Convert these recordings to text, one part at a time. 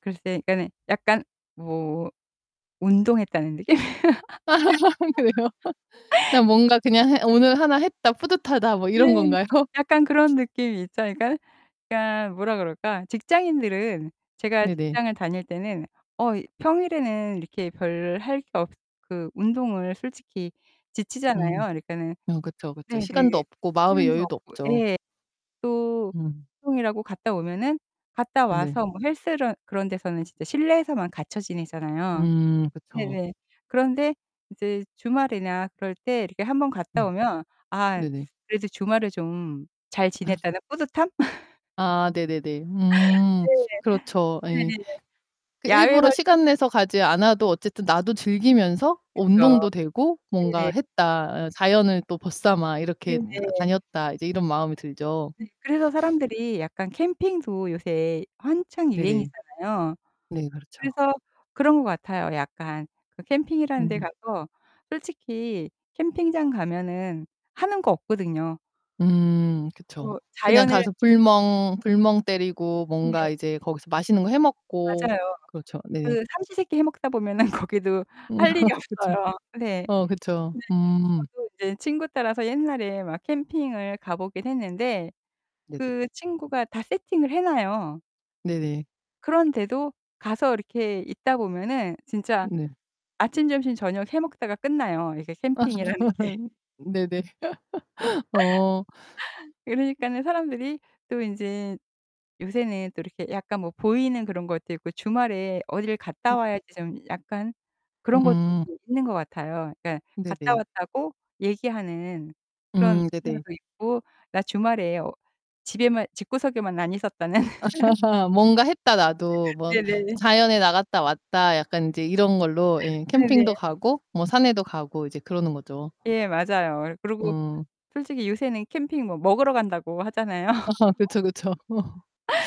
글쎄 그러니까는 약간 뭐 운동했다는 느낌. 아, 그래요? 그냥 뭔가 그냥 해 오늘 하나 했다, 뿌듯하다 뭐 네, 이런 건가요? 약간 그런 느낌이 있죠. 그러니까는 그러니까 뭐라 그럴까? 직장인들은 제가 네네. 직장을 다닐 때는 어, 이 평일에는 이렇게 별 할 게 없 그 운동을 솔직히 지치잖아요. 음. 그러니까는 음, 그쵸 그쵸. 네네. 시간도 없고 마음의 휴일도 여유도 없고 없죠. 예. 또 음. 운동이라고 갔다 오면은 갔다 네. 와서 뭐 헬스를 그런 데서는 진짜 실내에서만 갇혀 지내잖아요. 음. 그쵸. 네네. 그런데 이제 주말이나 그럴 때 이렇게 한 번 갔다 네. 오면 아, 네네. 그래 이제 주말에 좀 잘 아 지냈다는 뿌듯함? 아, 네네네. 음, 네네. 그렇죠. 예. 네네네. 그 야외 일부러 활동을 시간 내서 가지 않아도 어쨌든 나도 즐기면서 어, 그쵸. 운동도 되고 뭔가 네네. 했다. 아, 자연을 또 벗 삼아 이렇게 다 네네. 다녔다. 이제 이런 마음이 들죠. 네, 그래서 사람들이 약간 캠핑도 요새 한창 네네. 유행이잖아요. 네, 그렇죠. 그래서 그런 거 같아요. 약간 그 캠핑이라는 데 음. 가서 솔직히 캠핑장 가면은 하는 거 없거든요. 음, 어, 그쵸. 그냥 자연을 가서 불멍, 불멍 때리고 네. 뭔가 이제 거기서 맛있는 거 해 먹고 맞아요. 그렇죠. 네네. 그 삼시 세 끼 해 먹다 보면은 거기도 할 일이 그쵸. 없어요. 네. 네, 어, 그쵸. 음. 저도 이제 친구 따라서 옛날에 막 캠핑을 가 보긴 했는데 네네. 그 친구가 다 세팅을 해 놔요. 네네. 그런데도 가서 이렇게 있다 보면은 진짜 네. 아침, 점심, 저녁 해 먹다가 끝나요. 이게 어, 캠핑이라는 게. 정말요? 네네. 어. 그러니까는 사람들이 또 인제 요새는 또 이렇게 약간 뭐 보이는 그런 것도 있고, 주말에 어딜 갔다 음. 와야지 좀 약간 그런 것도 음. [unintelligible] 있는 것 같아요. 그러니까 갔다 네네. 왔다고 얘기하는 그런 음, 네네. 문화도 있고, 나 주말에 어, 집에만, 집구석에만 안 있었다는 "뭔가 했다, 나도. 뭐 네네. 자연에 나갔다 왔다." 약간 인제 이런 걸로 예, 캠핑도 네네. 가고 뭐 산에도 가고 이제 그러는 거죠. 예, 맞아요. 예, 그리고 음. 솔직히 요새는 캠핑 뭐 먹으러 간다고 하잖아요. 아, 그쵸 그쵸.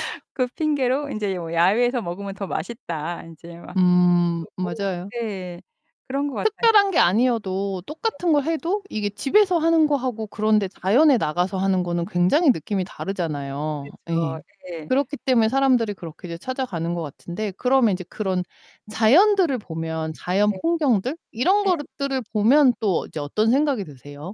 그 핑계로 인제 뭐 야외에서 먹으면 더 맛있다. 인제 막 음, 그러고 맞아요. 네, 그런 거 같아요. 특별한 게 아니어도 네. 똑같은 걸 해도 이게 집에서 하는 거하고 그런데 자연에 나가서 하는 거는 굉장히 느낌이 다르잖아요. 그렇죠. 예. 예. 그렇기 때문에 사람들이 그렇게 이제 찾아가는 것 같은데 그러면 이제 그런 자연들을 보면 자연 네. 풍경들 이런 예. 것드 들을 보면 또 이제 어떤 생각이 드세요?